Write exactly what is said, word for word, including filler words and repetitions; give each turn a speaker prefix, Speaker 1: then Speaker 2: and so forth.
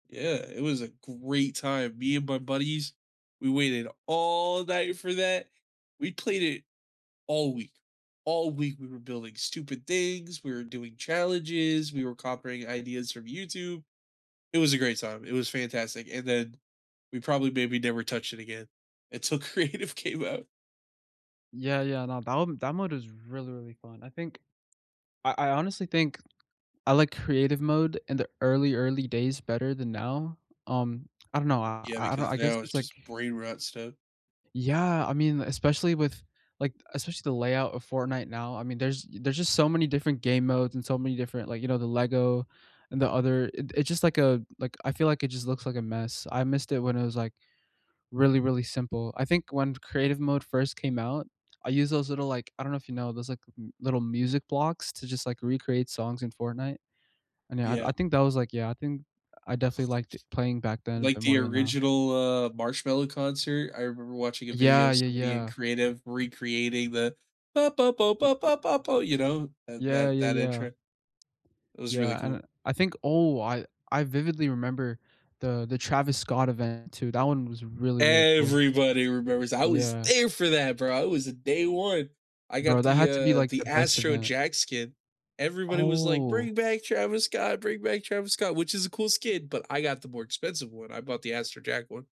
Speaker 1: Yeah, it was a great time. Me and my buddies, we waited all night for that. We played it all week. All week, we were building stupid things, we were doing challenges, we were coprying ideas from YouTube. It was a great time. It was fantastic, and then we probably maybe never touched it again until Creative came out.
Speaker 2: Yeah, yeah, no, that m that mode is really, really fun. I think I I honestly think I like Creative mode in the early, early days better than now. Um, I don't know, I
Speaker 1: Yeah,
Speaker 2: I don't
Speaker 1: because
Speaker 2: I guess
Speaker 1: now it's
Speaker 2: it's, like
Speaker 1: just brain rot stuff.
Speaker 2: Yeah, I mean, li especially with like, especially the layout of Fortnite now. I mean, there's there's just so many different game modes and so many different, like you know, the LEGO and the other it it's just, like, a like, I feel like it just looks like a mess. I missed it when it was, like, really, really simple. I think when Creative mode first came out, I used those little, like I don't know if you know those, like, little music blocks to just, like, recreate songs in Fortnite. And, yeah, I I
Speaker 1: Yeah.
Speaker 2: think that was, like, yeah I think I definitely liked it playing back then a
Speaker 1: Like,
Speaker 2: bit
Speaker 1: the
Speaker 2: more than now.
Speaker 1: original, uh, Marshmello concert, I remember watching a
Speaker 2: Yeah,
Speaker 1: video
Speaker 2: yeah,
Speaker 1: somebody in
Speaker 2: yeah.
Speaker 1: Creative recreating the you know, that
Speaker 2: Yeah,
Speaker 1: that
Speaker 2: yeah,
Speaker 1: that
Speaker 2: yeah.
Speaker 1: intro. It was really
Speaker 2: Yeah, and
Speaker 1: cool.
Speaker 2: I I think oh, I I vividly remember the the Travis Scott event too, that one was really, really cool.
Speaker 1: Everybody remembers. I was
Speaker 2: Yeah.
Speaker 1: there for that, bro. I was day one. I
Speaker 2: Bro,
Speaker 1: got
Speaker 2: that
Speaker 1: the,
Speaker 2: had to be,
Speaker 1: uh,
Speaker 2: like,
Speaker 1: the
Speaker 2: the best
Speaker 1: Astro
Speaker 2: event.
Speaker 1: Jack skin. Everybody was like,
Speaker 2: Oh.
Speaker 1: "Bring back Travis Scott. Bring back Travis Scott," which is a cool skin, but I got the more expensive one. I bought the Astro Jack one.